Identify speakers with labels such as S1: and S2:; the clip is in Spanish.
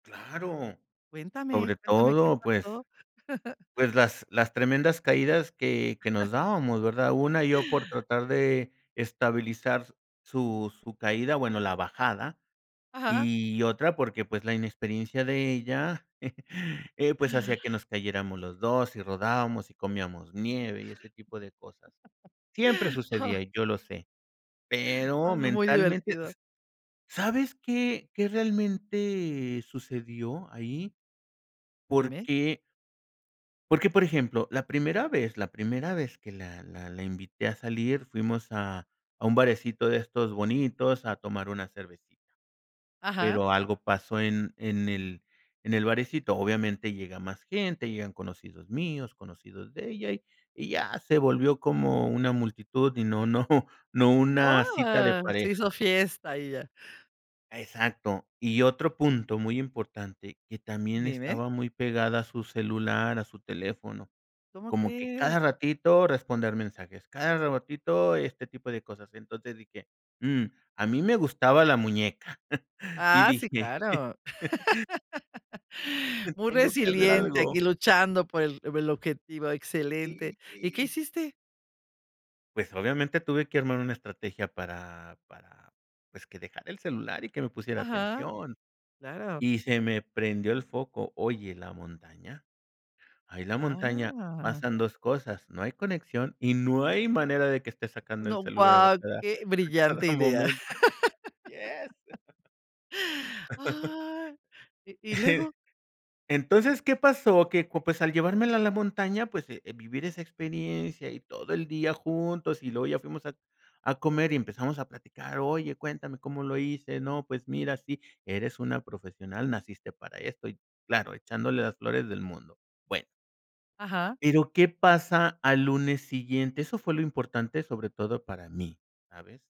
S1: Claro,
S2: Cuéntame,
S1: sobre
S2: cuéntame qué
S1: todo, pues
S2: pasó.
S1: pues las las tremendas caídas que que nos dábamos, ¿verdad? Una, yo por tratar de estabilizar su su caída, bueno, la bajada,
S2: Ajá, ja.
S1: y otra porque, pues, la inexperiencia de ella, eh, pues hacía que nos cayéramos los 2 y rodábamos y comíamos nieve y ese tipo de cosas. Siempre sucedía y yo lo sé,
S2: Ah
S1: pero
S2: no, muy
S1: mentalmente,
S2: divertido.
S1: s ¿sabes qué qué realmente sucedió ahí?
S2: Dime.
S1: Porque porque, por ejemplo, la primera vez la primera vez que la la la invité a salir fuimos a a un barecito de estos bonitos a tomar una cervecita,
S2: Ajá.
S1: pero algo pasó en en el en el barecito, obviamente llega más gente, llegan conocidos míos, conocidos de ella y y ya se volvió como una multitud y no no no
S2: Oh,
S1: una cita de
S2: a se hizo
S1: pareja.
S2: fiesta, ella.
S1: Exacto. Y otro punto muy importante, que también
S2: Dime.
S1: estaba muy pegada a su celular, a su teléfono,
S2: ¿Cómo
S1: como que
S2: crees?
S1: cada ratito responder mensajes, cada ratito este tipo de cosas, entonces dije: "Mm", a mí me gustaba la muñeca y
S2: Ah, sí,
S1: dije:
S2: claro. Muy
S1: "Tengo que hacer
S2: resiliente,
S1: algo".
S2: aquí luchando por el por el objetivo,
S1: Y
S2: excelente. ¿Y qué
S1: y
S2: hiciste?
S1: pues obviamente tuve que armar una estrategia para para, pues, que dejara el celular y que me pusiera
S2: Ajá,
S1: atención,
S2: claro.
S1: y se me prendió el foco. ¿Oye, la montaña? ahí la montaña
S2: Ah.
S1: pasan 2 cosas, no hay conexión y no hay manera de que esté sacando el
S2: No,
S1: celular a
S2: guau,
S1: cada
S2: qué
S1: a cada
S2: brillante idea.
S1: momento. Yes.
S2: Ah. ¿Y y luego?
S1: Entonces, ¿qué pasó? Que, co pues, al llevármela a la montaña, pues, eh, vivir esa experiencia y todo el día juntos y luego ya fuimos a a comer y empezamos a platicar: "Oye, cuéntame, ¿cómo lo hice?" "No, pues mira, sí, eres una profesional, naciste para esto", y claro, echándole las flores del mundo. Bueno
S2: Ajá.
S1: pero ¿qué pasa al lunes siguiente? Eso fue lo importante, sobre todo para mí, ¿sabes?